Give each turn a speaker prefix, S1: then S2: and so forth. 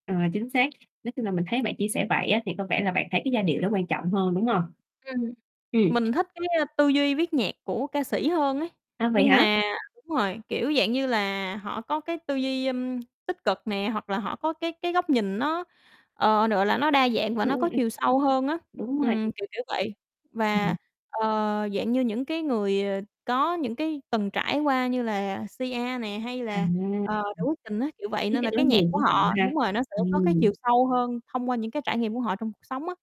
S1: Ờ, chính xác, nói chung là mình thấy bạn chia sẻ vậy á, thì có vẻ là bạn thấy cái giai điệu đó quan trọng hơn, đúng hông?
S2: Ừm,
S1: Ừm.
S2: mình thích cái tư duy viết nhạc của ca sĩ hơn ấy
S1: À, vậy
S2: nhưng
S1: hả?
S2: mà đúng rồi, kiểu dạng như là, họ có cái tư duy tích cực nè hoặc là họ có cái cái góc nhìn nó, ờ, gọi là, nó đa dạng và
S1: Ừm,
S2: nó
S1: ừm,
S2: có
S1: ừm.
S2: chiều sâu hơn á.
S1: Đúng rồi, đúng.
S2: Ừm, kiểu, kiểu vậy, và,
S1: Ừm.
S2: ờ, dạng như những cái người, ờ, có những cái từng trải qua như là Sia nè hay
S1: À.
S2: là,
S1: Ừm.
S2: ờ, Noo Phước Thịnh á, kiểu vậy,
S1: Viết
S2: nên là
S1: cái
S2: cái
S1: nỗi
S2: nhạc
S1: niềm,
S2: của
S1: ví dụ
S2: họ
S1: ha.
S2: đúng rồi, nó sẽ có cái chiều
S1: ừm.
S2: sâu hơn thông qua những cái trải nghiệm của họ trong cuộc sống á.